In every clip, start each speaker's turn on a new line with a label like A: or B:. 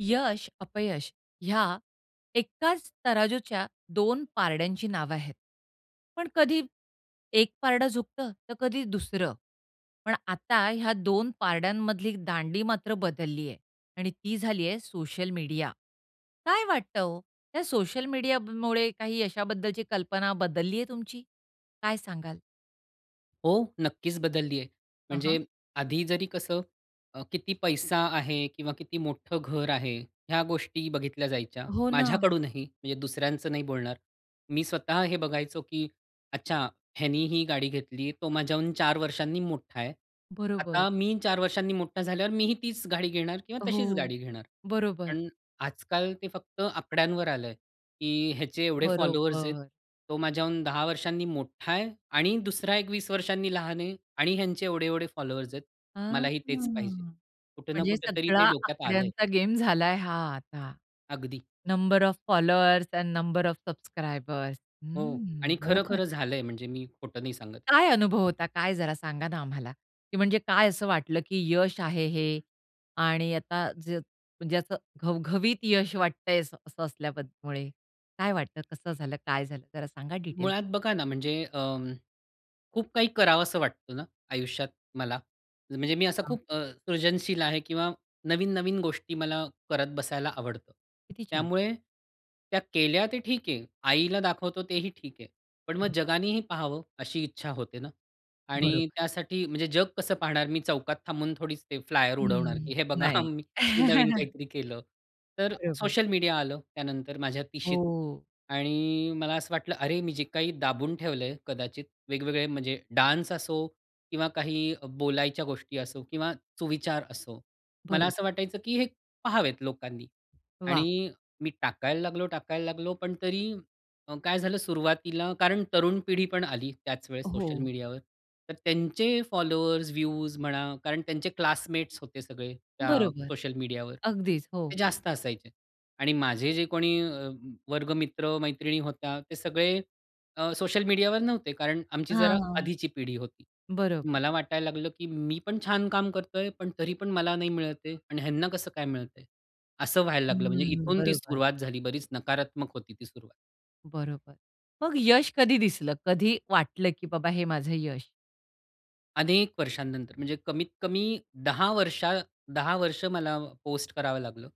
A: यश, अपयश ह्या एकाच तराजूच्या 2 पारड्यांची नावं आहेत. पण कधी एक पारडं झुकतं, तर कधी दुसरं. पण आता ह्या 2 पारड्यांमधली दांडी मात्र बदलली आहे आणि ती झाली आहे, सोशल मीडिया. काय वाटतं हो, त्या सोशल मीडिया मुळे काही यशाबद्दलची कल्पना बदलली आहे तुमची? काय सांगाल?
B: हो, नक्कीच बदलली आहे.
A: अ, हां.
B: म्हणजे आधी जरी कसं अ, किती पैसा आहे किंवा किती मोठं घर आहे, ह्या गोष्टी बघितल्या जायच्या.
A: हो ना.
B: माझ्याकडूनही म्हणजे दुसऱ्यांचं नाही बोलणार. मी स्वतः हे बघायचो, की "अच्छा ह्यानी ही गाडी घेतली. तो माझ्याहून 4 वर्षांनी मोठा आहे.
A: बरोबर.
B: आता मी 4 वर्षांनी मोठा झाल्यावर, मीही तीच गाडी घेणार किंवा तशीच
A: हो,
B: गाडी घेणार."
A: बरोबर.
B: पण आजकाल ते फक्त आकड्यांवर आलं आहे, की ह्याचे एवढे फॉलोवर्स आहेत.
A: बरोबर.
B: तो माझ्याहून 10 वर्षांनी मोठा आहे आणि दुसरा 1 20 वर्षांनी लहान आहे आणि ह्यांचे एवढे-एवढे फॉलोवर्स आहेत.
A: आ, हां,
B: मलाही तेच पाहिजे. कुठे ना
A: म्हणजे
B: कुठेतरी
A: सगळा
B: ते डोक्यात आलं आहे.
A: आकड्यांचा गेम झालाय हा आता.
B: अगदी.
A: Number of followers and number of subscribers.
B: हो
A: हम्म.
B: आणि
A: बरोबर.
B: खरं-खरं झालं आहे, म्हणजे मी खोटं नाही सांगत.
A: काय अनुभव होता? काय जरा सांगा ना आम्हाला, की म्हणजे काय असं वाटलं, की यश आहे हे आणि आता ज म्हणजे असं घवघवीत यश वाटतय असं असल्याब मुळे काय वाटतं? कसं झालं? काय झालं? जरा सांगा डिटेल?
B: मुळात बघा ना, म्हणजे अं, खूप काही करावसं वाटतं ना, आयुष्यात मला. म्हणजे मी असा
A: हां.
B: खूप अ, सृजनशील आहे किंवा नवीन-नवीन गोष्टी मला करत बसायला आवडतं.
A: किती छान.
B: त्यामुळे त्या केल्या ते ठीक आहे. आईला दाखवतो तेही ठीक आहे. पण मग
A: हं.
B: जगानेही पाहावं अशी इच्छा होते ना आणि
A: बरोबर.
B: त्यासाठी म्हणजे जग कसं पाहणार, मी चौकात थांबून थोडीच फ्लायर उडवणार,
A: हं,
B: की हे बघा
A: नाही.
B: मी नवीन काहीतरी केलं. तर
A: बरोबर.
B: सोशल मीडिया आलं, त्यानंतर माझ्या 30शीत
A: हो.
B: आणि मला असं वाटलं, अरे मी जे काही दाबून ठेवलंय कदाचित, वेगवेगळे म्हणजे डान्स असो किंवा काही बोलायच्या गोष्टी असो किंवा सुविचार असो. मला
A: बरं.
B: असं वाटायचं, की हे पहावेत लोकांनी
A: वाह!
B: आणि मी टाकायला लागलो-टाकायला लागलो पण तरी अ, काय झालं सुरुवातीला कारण तरुण पिढी पण आली, त्याच वेळेस सोशल
A: हो.
B: मीडियावर तर त्यांचे फॉलोवर्स, व्ह्यूज म्हणा कारण त्यांचे क्लासमेट्स होते सगळे, त्या
A: बरोबर.
B: सोशल मीडियावर.
A: अगदीच हो.
B: ते जास्त असायचे आणि माझे जे कोणी अ, वर्ग मित्र, मैत्रिणी होत्या, ते सगळे अ, सोशल मीडियावर नव्हते, कारण आमची
A: हां,
B: जरा
A: हां,
B: आधीची पिढी होती.
A: बरोबर.
B: मला वाटायला लागलं, की मी पण छान काम करतोय पण तरी पण मला नाही मिळत आहे आणि ह्यांना कसं काय मिळत आहे? असं व्हायला लागलं. म्हणजे
A: हंम्म.
B: इथून ती
A: बरोबर.
B: सुरुवात झाली. बरीच नकारात्मक होती ती सुरुवात.
A: बरोबर. मग यश कधी दिसलं? कधी वाटलं की बाबा हे माझं यश?
B: अनेक वर्षानंतर, म्हणजे कमीत-कमी 10 वर्षा 10 वर्ष मला पोस्ट करावं लागलं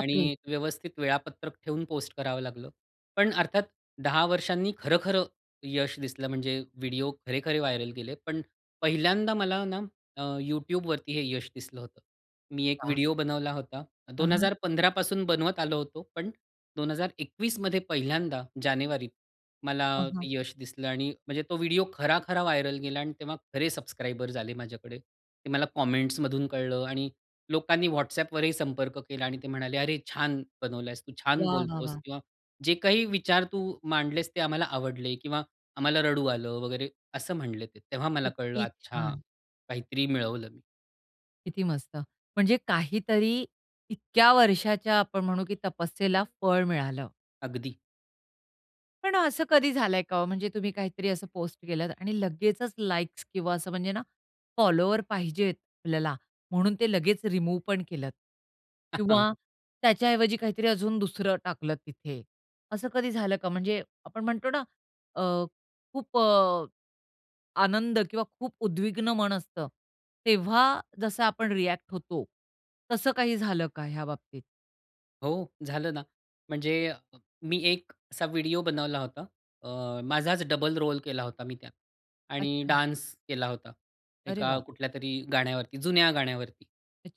B: आणि एक व्यवस्थित वेळापत्रक ठेवून पोस्ट करावं लागलं. पण अर्थात 10 वर्षांनी खरं-खरं यश दिसलं, म्हणजे व्हिडिओ खरे-खरे व्हायरल गेले. पण पहिल्यांदा मला ना अ, YouTubeवरती हे यश दिसलं होतं. मी एक
A: वाह!
B: व्हिडिओ बनवला होता
A: हां,
B: दोन
A: हां.
B: हजार पंधरा पासून बनवत आलो होतो. पण 2021मध्ये पहिल्यांदा जानेवारीत मला
A: हं. हं.
B: ते यश दिसलं आणि म्हणजे तो व्हिडिओ खरा-खरा व्हायरल गेला आणि तेव्हा खरे सबस्क्रायबर्स झाले माझ्याकडे. ते मला कमेंट्समधून कळलं आणि लोकांनी WhatsAppवरही संपर्क केला आणि ते म्हणाले, "अरे, छान बनवला आहेस तू, छान
A: वाह! वाह!
B: बोलतोस
A: वाह!
B: किंवा जे काही विचार तू मांडलेस ते आम्हाला आवडले किंवा आम्हाला रडू आलं," वगैरे असं म्हणले ते. तेव्हा मला कळलं,
A: किती
B: "अच्छा!
A: छान!
B: काहीतरी मिळवलं मी."
A: किती मस्त! म्हणजे काहीतरी इतक्या वर्षाच्या आपण म्हणू की तपस्येला फळ मिळालं.
B: अगदी.
A: पण असं कधी झालंय का हो, म्हणजे तुम्ही काहीतरी असं पोस्ट केलत आणि लगेचच लाइक्स किंवा असं म्हणजे ना, फॉलोवर पाहिजेत आपल्याला म्हणून ते लगेच रिमूव्ह पण केलत? किंवा त्याच्याऐवजी काहीतरी अजून दुसरं टाकलं तिथे. असं कधी झालं का? म्हणजे आपण म्हणतो ना अ, खूप अ, आनंद किंवा खूप उद्विग्न मन असतं, तेव्हा जसं आपण रिअ‍ॅक्ट होतो. तसं काही झालं का ह्या बाबतीत?
B: हो, झालं ना. म्हणजे अ, मी एक असा व्हिडिओ बनवला होता. अ, माझाच डबल रोल केला होता मी त्यात आणि
A: अच्छा.
B: डान्स केला होता,
A: अरे
B: एका
A: वाह!
B: कुठल्यातरी गाण्यावरती, जुन्या गाण्यावरती.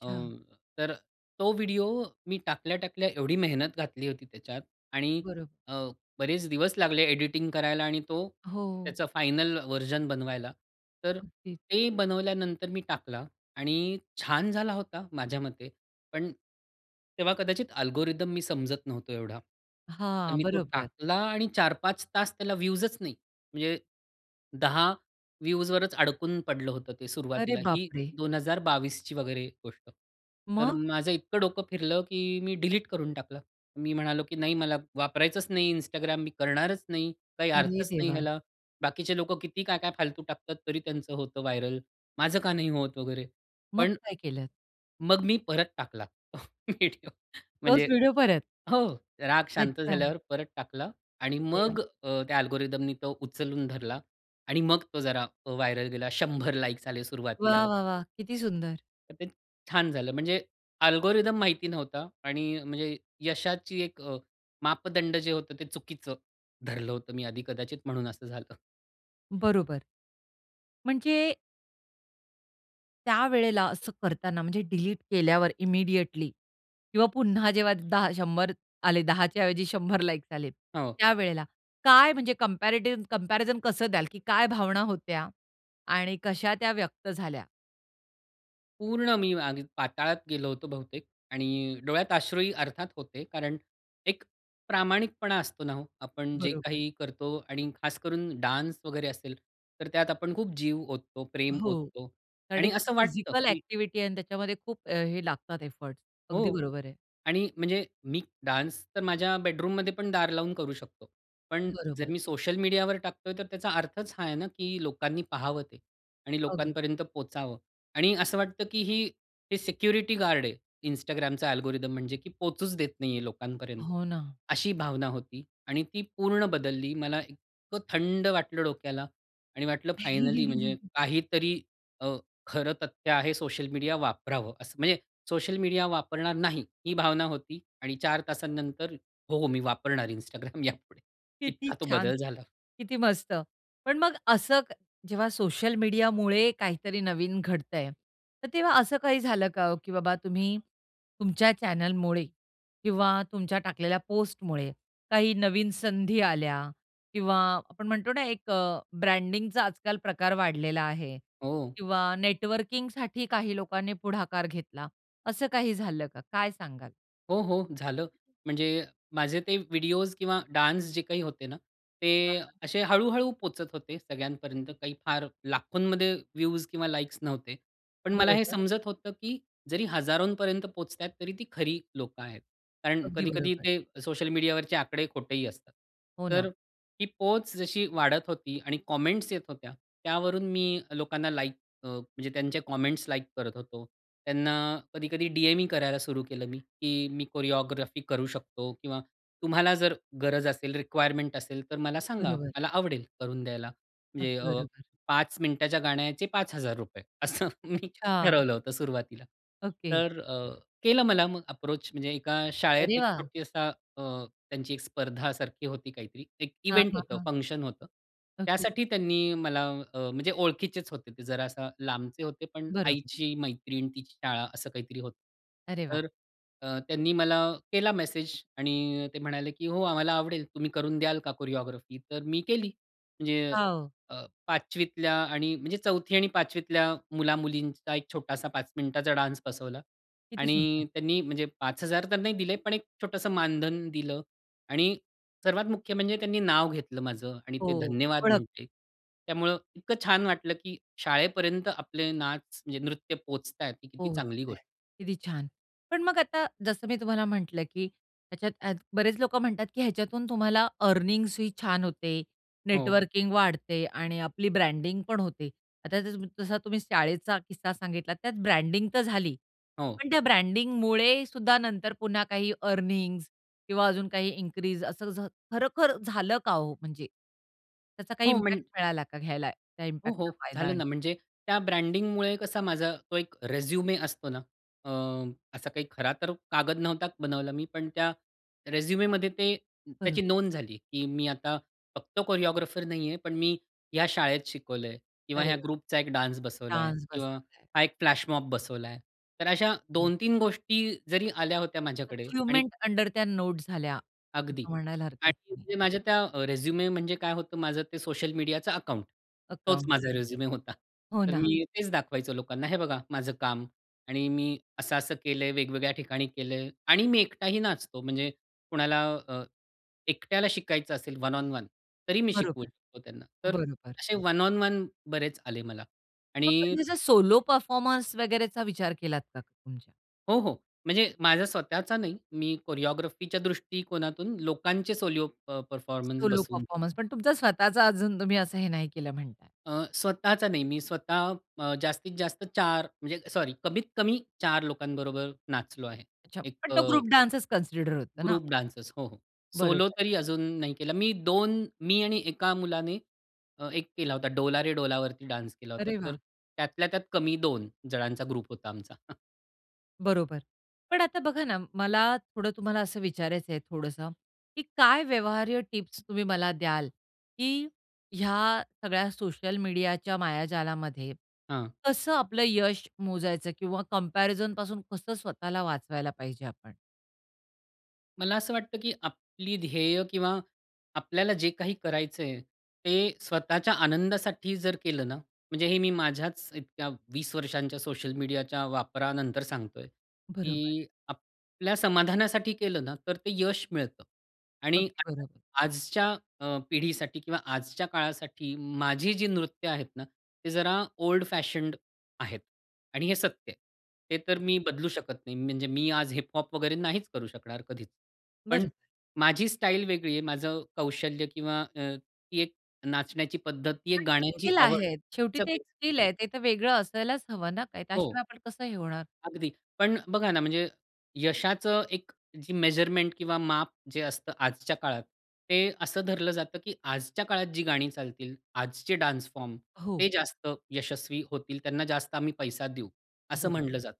B: अ, तर तो व्हिडिओ मी टाकल्या-टाकल्या, एवढी मेहनत घातली होती त्याच्यात आणि
A: बरोबर.
B: अ, बरेच दिवस लागले एडिटिंग करायला आणि तो
A: हो.
B: त्याचा फायनल व्हर्जन बनवायला. तर
A: ओके.
B: ते बनवल्यानंतर मी टाकला आणि छान झाला होता माझ्या मते. पण तेव्हा कदाचित अल्गोरिदम मी समजत नव्हतो एवढा. तर
A: हां,
B: मी तो
A: बरोबर.
B: टाकला आणि 4-5 तास त्याला व्ह्यूजच नाही. म्हणजे 10 व्ह्यूजवरच अडकून पडलं होतं ते.
A: अरे
B: सुरुवातीला ही
A: बापरे!
B: 2022ची वगैरे गोष्ट. तर
A: मग?
B: माझं इतकं डोकं फिरलं की मी डिलीट करून टाकलं. मी म्हणालो की "नाही मला वापरायचंच नाही, Instagram मी करणारच नाही. काही
A: अरे
B: अर्थच नाही
A: देवा!
B: ह्याला. बाकीचे लोकं किती काय-काय फालतू टाकतात, तरी त्यांचं होतं व्हायरल माझं का नाही होत" वगैरे.
A: मग
B: पण
A: काय केलत?
B: मग मी परत टाकला तो व्हिडिओ
A: तोच
B: म्हणजे
A: व्हिडिओ परत.
B: हो. राग शांत
A: अच्छा.
B: झाल्यावर परत टाकला आणि
A: अरे वाह!
B: मग अ, त्या अल्गोरिदमनी तो उचलून धरला आणि मग तो जरा अ, व्हायरल गेला. 100 लाइक्स आले सुरुवातीला
A: वाह,
B: व
A: वाह, वाह! किती सुंदर.
B: तर ते छान झालं म्हणजे अल्गोरिदम माहिती नव्हता आणि म्हणजे यशाची एक अ, मापदंड जे होतं, ते चुकीचं धरलं होतं मी आधी कदाचित म्हणून असं झालं.
A: बरोबर. म्हणजे त्यावेळेला असं करताना म्हणजे डिलीट केल्यावर इमिडिएटली किंवा पुन्हा जेव्हा 10 100 आले, 10च्या ऐवजी 100 लाइक्स आले
B: हो.
A: त्यावेळेला, काय म्हणजे कम्पॅरेटिव्ह, कम्पॅरिझन कसं द्याल कि काय भावना होत्या? आणि कशा त्या व्यक्त झाल्या?
B: पूर्ण मी अग पाताळात गेलो होतो बहुतेक. आणि डोळ्यात अश्रूहि अर्थात होते कारण, एक प्रामाणिकपणा असतो ना हो, आपण जे
A: बरोबर.
B: काही करतो आणि खास करून डान्स वगैरे असेल, तर त्यात आपण खूप जीव ओततो, प्रेम
A: हो.
B: ओततो
A: कारण
B: आणि
A: एक
B: असं वाटतं
A: फिजिकल
B: कि
A: अ‍ॅक्टिव्हिटी आहे आणि त्याच्यामध्ये खूप अ, हे लागतात एफोर्ट्स. अगदी
B: हो.
A: बरोबर आहे.
B: आणि म्हणजे मी, डान्स तर माझ्या बेडरूममध्ये पण दार लावून करू शकतो. पण जर
A: बरोबर.
B: मी सोशल मीडियावर टाकतो आहे, तर त्याचा अर्थच हा आहे ना, की लोकांनी पाहावं ते आणि
A: अगदी.
B: लोकांपर्यंत पोहोचावं. आणि असं वाटतं की ही, हे सिक्युरिटी गार्ड आहे Instagramचा अल्गोरिदम म्हणजे की पोहचूच देत नाही आहे लोकांपर्यंत,
A: हो ना.
B: अशी भावना होती. आणि ती पूर्ण बदलली. मला इतकं थंड वाटलं डोक्याला आणि वाटलं फायनली म्हणजे काहीतरी अ, खरं तथ्य आहे. सोशल मीडिया वापरावं असं. म्हणजे सोशल मीडिया वापरणार नाही ही भावना होती आणि 4 तासानंतर हो हो मी वापरणार Instagram यापुढे.
A: किती
B: इतका तो
A: छान!
B: बदल झाला.
A: किती मस्त! पण मग असं जेव्हा सोशल मीडियामुळे, काहीतरी नवीन घडतं आहे, तर तेव्हा असं काही झालं का, की बाबा तुम्ही तुमच्या चॅनेलमुळे, किंवा तुमच्या टाकलेल्या पोस्टमुळे काही नवीन संधी आल्या किंवा आपण म्हणतो ना एक अ ब्रँडिंगचा आजकाल प्रकार वाढलेला आहे
B: हो.
A: किंवा नेटवर्किंगसाठी काही लोकांनी पुढाकार घेतला, असं काही झालं का? काय सांगाल?
B: हो, हो, झालं. म्हणजे माझे ते व्हिडिओस किंवा डान्स जे काही होते ना ते
A: झालं.
B: असे हळू-हळू पोहचत होते सगळ्यांपर्यंत काही फार लाखोंमध्ये व्ह्यूज किंवा लाइक्स नव्हते. पण मला हे
A: बरोबर.
B: समजत होतं की जरी हजारोंपर्यंत पोहोचतायेत तरी ती खरी लोकं आहेत. कारण
A: अगदी
B: कधी-कधी
A: बरोबर.
B: ते सोशल मीडियावरचे आकडे खोटेही असतात.
A: हो ना.
B: तर ती पोहोच जशी वाढत होती आणि कॉमेंट्स येत होत्या. त्यावरून मी अ, लोकांना लाइक अ, म्हणजे त्यांचे कॉमेंट्स लाइक करत होतो. त्यांना कधी-कधी डीएम ही करायला सुरु केलं मी, की मी कोरिओग्राफी करू शकतो किंवा तुम्हाला जर गरज असेल, रिक्वायरमेंट असेल तर मला सांगा.
A: बरोबर.
B: मला आवडेल करून द्यायला. म्हणजे
A: अगदी
B: अ,
A: बरोबर.
B: 5 मिनिटाच्या गाण्याचे 5000 असं मी
A: अच्छा.
B: ठरवलं होतं सुरुवातीला.
A: ओके.
B: तर अ, केला मला मग अप्रोच म्हणजे एका शाळेत
A: अरे
B: एक
A: वाह!
B: छोटी असा अ, त्यांची एक स्पर्धा सारखी होती काहीतरी एक
A: हां,
B: इव्हेंट
A: हां,
B: होतं
A: हां.
B: फंक्शन होतं.
A: ओके.
B: त्यासाठी त्यांनी मला अ, म्हणजे ओळखीचेच होते ते जरा असं लांबचे होते पण
A: बरोबर.
B: आईची मैत्रीण तिची शाळा असं काहीतरी होतं.
A: अरे वाह!
B: तर अ, त्यांनी मला केला मेसेज आणि ते म्हणाले की, "हो, आम्हाला आवडेल तुम्ही करून द्याल का कोरिओग्राफी तर मी केली." म्हणजे
A: वाव!
B: अ, 5वीतल्या आणि म्हणजे 4थी आणि 5वीतल्या मुलामुलींचा एक छोटासा 5 मिनिटाचा डान्स बसवला
A: किती सुंदर.
B: आणि त्यांनी म्हणजे 5000 तर नाही दिले, पण एक छोटंसं मानधन दिलं आणि सर्वात मुख्य म्हणजे त्यांनी नाव घेतलं माझं आणि
A: हो,
B: ते धन्यवाद
A: ओळख.
B: म्हंटले. त्यामुळे इतकं छान वाटलं, की शाळेपर्यंत आपले नाच म्हणजे नृत्य पोहचताय किती चांगली
A: पोहोचतंय,
B: गोष्ट आहे.
A: किती छान! पण मग आता जसं मी तुम्हाला म्हटलं, की ह्याच्यात बरेच लोकं म्हणतात, की ह्याच्यातून तुम्हाला अर्निन्ग्स ही छान होते,
B: हो.
A: नेटवर्किंग वाढते आणि आपली ब्रँडिंगपण होते. आता जस जसा तुम्ही शाळेचा किस्सा सांगितला त्यात ब्रँडिंग तर झाली,
B: हो.
A: पण त्या ब्रँडिंगमुळे सुद्धा नंतर पुन्हा काही अर्निन्ग्स किंवा अजून काही इन्क्रीज असं खरोखर झालं का हो? म्हणजे त्याचा काही
B: हो म्हण
A: इम्पॅक्ट मिळाला का घ्यायला त्या
B: हो,
A: इम्पॅक्टचा
B: हो,
A: फायदा?
B: झालं ना म्हणजे त्या ब्रँडिंगमुळे कसा माझा तो एक रेझ्युमे असतो ना अ, असा काही खरा तर कागद नव्हता बनवला मी, पण त्या रेझ्युमेमध्ये ते त्याची
A: बरोबर.
B: नोंद झाली, की मी आता फक्त कोरिओग्राफर नाहीये, पण मी ह्या शाळेत शिकवलंय किंवा
A: अरे
B: ह्या
A: वाह!
B: ग्रुपचा एक डान्स बसवलाय
A: डान्स
B: किंवा
A: बसवलाय.
B: हा एक फ्लॅशमॉब बसवलाय. तर अशा
A: हं.
B: 2-3 गोष्टी जरी आल्या होत्या माझ्याकडे आणि
A: अचिव्हमेंट अंडर त्या नोट झाल्या
B: अगदी
A: असं म्हणायला हरकत
B: आणि
A: नाही.
B: म्हणजे माझ्या त्या अ, रेझ्युमे म्हणजे काय होतं माझं ते सोशल मीडियाचं अकाउंट. तोच
A: अकाउंट.
B: माझा रेझ्युमे होता.
A: हो
B: तर
A: ना.
B: मी तेच दाखवायचं लोकांना, हे बघा माझं काम आणि मी असं-असं केलंय, वेगवेगळ्या ठिकाणी केलंय आणि मी एकटही नाचतो. म्हणजे कोणाला अ, एकट्याला शिकायचं असेल वन ओन वन तरी मी शिकवू
A: बरोबर,
B: शकतो त्यांना. तर
A: बरोबर.
B: असे वन ओन वन बरेच आले मला
A: मग
B: आणि
A: कधी असं सोलो परफॉर्मन्स वगैरेचा विचार केलात का म्हणजे?
B: हो, हो. म्हणजे माझा स्वतःचा नाही. मी कोरिओग्राफीच्या दृष्टीकोनातून लोकांचे सोलो अ, परफॉर्मन्स
A: सोलो
B: बसवून
A: परफॉर्मन्स. पण तुमचा स्वतःचा अजून तुम्ही असं हे नाही केलं म्हणताय.
B: अ, स्वतःचा नाही. मी स्वतः अ, जास्तीत जास्त 4 म्हणजे सॉरी, कमीत-कमी 4 लोकांबरोबर नाचलो आहे.
A: अच्छा,
B: एक
A: पण
B: अ
A: तो ग्रुप डान्सच कन्सिडर होतं ना.
B: ग्रुप डांसेस हो, सोलो
A: बरोबर.
B: तरी अजून नाही केला मी. 2 मी आणि एका मुलाने अ, एक केला होता "डोला रे डोला वरती" डान्स केला होता.
A: अरे
B: तर
A: वाह!
B: त्यातल्या त्यात कमी 2 जणांचा ग्रुप होता आमचा. अ
A: बरोबर. पण आता बघा ना मला थोडं तुम्हाला असं विचारायचं आहे थोडंस की, "काय व्यवहार्य टिप्स तुम्ही मला द्याल की ह्या सगळ्या सोशल मीडियाच्या मायाजालामध्ये
B: हां.
A: कसं आपलं यश मोजायचं, किंवा कम्पॅरिझनपासून कसं स्वतःला वाचवायला पाहिजे आपण?"
B: मला असं वाटतं की आपली ध्येय किंवा आपल्याला जे काही करायचं आहे ते स्वतःच्या आनंदासाठी जर केलं ना म्हणजे हे मी माझ्याच इतक्या 20 वर्षांच्या सोशल मीडियाच्या वापरानंतर सांगतो आहे
A: बरोबर.
B: की आपल्या समाधानासाठी केलं ना तर ते यश मिळतं. आणि
A: अगदी
B: [unintelligible]
A: बरोबर.
B: आजच्या अ, पिढीसाठी किंवा आजच्या काळासाठी माझी जी नृत्य आहेत ना, ते जरा ओल्ड फॅशंड आहेत आणि हे सत्य आहे. हे तर मी बदलू शकत नाही. म्हणजे मी आज हिप-हॉप वगैरे नाहीच करू शकणार कधीच. पण
A: बरं.
B: माझी स्टाईल वेगळी आहे. माझं कौशल्य किंवा अ, ती एक नाचण्याची पद्धत, ती एक
A: आणि त्या
B: गाण्यांची
A: स्किल
B: आवड
A: आहेत. शेवटी ते एक
B: सगळीच वेगळी
A: स्किल
B: आहे.
A: आहे. ते तर वेगळं असायलाच हवं ना. नाहीतर
B: हो.
A: त्याशिवाय आपण कसं हे होणार?
B: अगदी. पण बघा ना म्हणजे यशाचं एक जी मेजरमेंट किंवा माप जे असतं आजच्या काळात ते असं धरलं जातं कि आजच्या काळात जी गाणी चालतील, आजचे डान्स फॉर्म
A: हो.
B: ते जास्त यशस्वी होतील. त्यांना जास्त आम्ही पैसा देऊ असं
A: बरोबर.
B: म्हटलं जातं.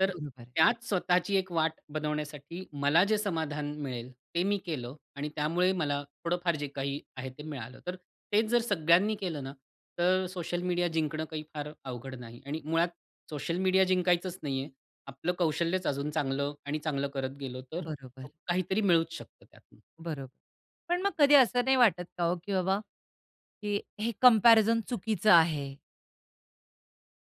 B: तर
A: बरोबर आहे.
B: त्यात स्वतःची एक वाट बनवण्यासाठी मला जे समाधान मिळेल, ते मी केलं आणि त्यामुळे मला थोडंफार जे काही आहे ते मिळालं. तर तेच जर सगळ्यांनी केलं ना तर सोशल मीडिया जिंकणं काही फार अवघड नाही आणि मुळात सोशल मीडिया जिंकायचंच नाही आहे. आपलं कौशल्यच अजून चांगलं आणि चांगलं करत गेलो तर
A: बरोबर.
B: काहीतरी मिळूच शकतं त्यातनं.
A: बरोबर. पण मग कधी असं नाही वाटत का हो, की बाबा हे हे कंपॅरिझन चुकीचं आहे?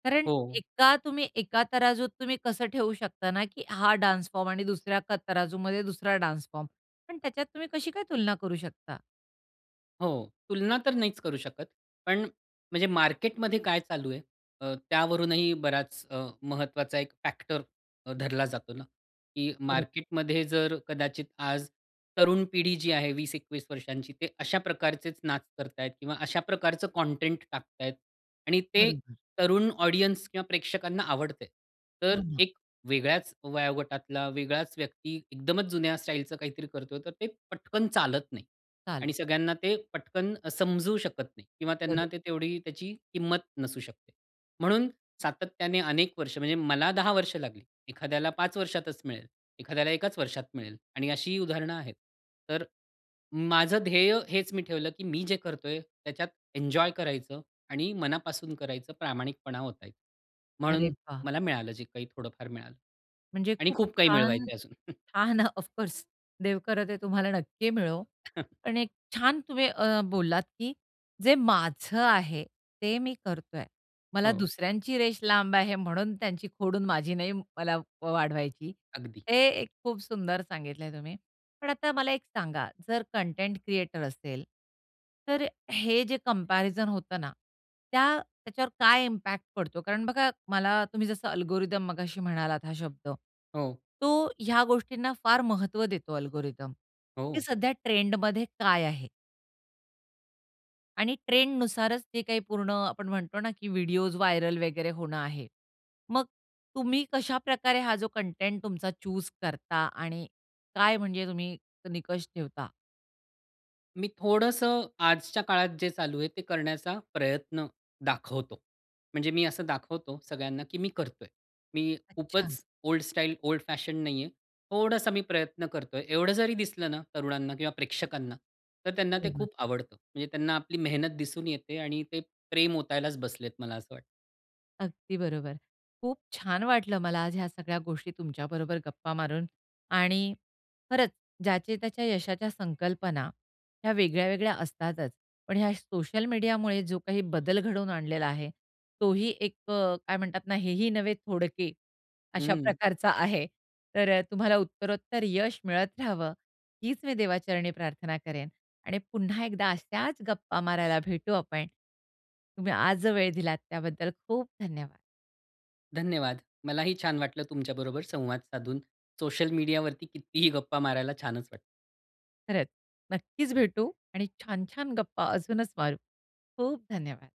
A: कारण
B: हो.
A: एका तुम्ही एका तराजूत तुम्ही कसं ठेवू शकता ना की हा डान्स फॉर्म आणि दुसऱ्या क तराजूमध्ये दुसरा डान्स फॉर्म? पण त्याच्यात तुम्ही कशी काय तुलना करू शकता?
B: हो. तुलना तर नाहीच करू शकत. पण म्हणजे मार्केटमध्ये काय चालू आहे अ, त्यावरूनही बराच अ, महत्वाचा एक फॅक्टर अ, धरला जातो ना. की
A: बरोबर.
B: मार्केटमध्ये जर कदाचित आज तरुण पिढी जी आहे 20-21 वर्षांची ते अशा प्रकारचेच नाच करतायत किंवा अशा प्रकारचं कंटेंट टाकतायत आणि ते
A: बरोबर.
B: तरुण ऑडियन्स किंवा प्रेक्षकांना आवडतंय. तर
A: हो ना.
B: एक वेगळ्याच वयोगटातला वेगळाच व्यक्ती एकदमच जुन्या स्टाईलचं काहीतरी करतोय तर ते पटकन चालत नाही. आणि
A: चालत.
B: सगळ्यांना ते पटकन अ, समजू शकत नाही. किंवा त्यांना
A: बरोबर.
B: ते तेवढी त्याची किंमत नसू शकते. म्हणून सातत्याने अनेक वर्ष म्हणजे मला 10 वर्ष लागली. एखाद्याला 5 वर्षातच मिळेल. एखाद्याला एकाच वर्षात मिळेल. आणि अशीही उदाहरणं आहेत. तर माझं ध्येय हेच मी ठेवलं की मी जे करतोय त्याच्यात एन्जॉय करायचं आणि मनापासून करायचं, प्रामाणिकपणा ओतायचा.
A: अरे
B: म्हणून
A: वाह!
B: मला मिळालं जे काही थोडंफार मिळालं.
A: म्हणजे
B: आणि
A: खूप
B: खूप काही
A: छान,
B: मिळवायचंय अजून.
A: छान ऑफ कोर्स देव करो ते तुम्हाला नक्की मिळो आणि एक छान तुम्ही अ, बोललात की जे माझं आहे ते मी करतोय. मला
B: हो.
A: दुसऱ्यांची रेश लांब आहे म्हणून त्यांची खोडून माझी नाही मला वाढवायची.
B: अगदी.
A: हे एक खूप सुंदर सांगितलंय तुम्ही. पण आता मला एक सांगा, जर कंटेंट क्रिएटर असेल, तर हे जे कंपॅरिझन होतं ना, त्या त्याच्यावर काय इम्पॅक्ट पडतो? कारण बघा मला तुम्ही जसं अल्गोरिथम मगाशी म्हणालात, हा शब्द.
B: हो.
A: तो ह्या गोष्टींना फार महत्व देतो अल्गोरिथम की
B: हो.
A: सध्या ट्रेंडमध्ये काय आहे. आणि ट्रेंडनुसारच ते काही पूर्ण अ, आपण म्हणतो ना, की व्हिडिओज व्हायरल वगैरे होणं आहे. मग तुम्ही कशाप्रकारे हा जो कंटेंट तुमचा चुज करता आणि काय म्हणजे तुम्ही निकष ठेवता?
B: मी थोडंसं आजच्या काळात जे चालू आहे, ते करण्याचा प्रयत्न दाखवतो. म्हणजे मी असं दाखवतो सगळ्यांना, की मी करतोय. मी
A: अच्छा.
B: खूपच ओल्ड स्टाईल, ओल्ड फॅशन नाही आहे. थोडासा मी प्रयत्न करतोय. एवढं जरी दिसलं ना, तरुणांना किंवा प्रेक्षकांना तर त्यांना ते
A: बरोबर.
B: खूप आवडतं. म्हणजे त्यांना आपली मेहनत दिसून येते आणि ते प्रेम ओतायलाच बसलेत मला असं वाटतं.
A: अगदी बरोबर. खूप छान वाटलं मला आज ह्या सगळ्या गोष्टी तुमच्याबरोबर गप्पा मारून आणि खरंच ज्याचे त्याच्या यशाच्या संकल्पना, ह्या वेगळ्या-वेगळ्या असतातच. पण ह्या सोशल मीडियामुळे जो काही बदल घडवून आणलेला आहे, तोही एक अ, काय म्हणतात ना, हेही नव्हे थोडके अशा
B: हं.
A: प्रकारचा आहे. तर तुम्हाला उत्तरोत्तर यश मिळत राहावं, हीच मी देवाचरणी प्रार्थना करेन आणि पुन्हा एकदा अशाच गप्पा मारायला भेटू आपण. तुम्ही आज जो वेळ दिलात त्याबद्दल खूप धन्यवाद.
B: धन्यवाद. मलाही छान वाटलं तुमच्याबरोबर संवाद साधून. सोशल मीडियावरती कितीही गप्पा मारायला छानच वाटतं.
A: खरंच नक्कीच भेटू आणि छान-छान गप्पा अजूनच मारू. खूप धन्यवाद.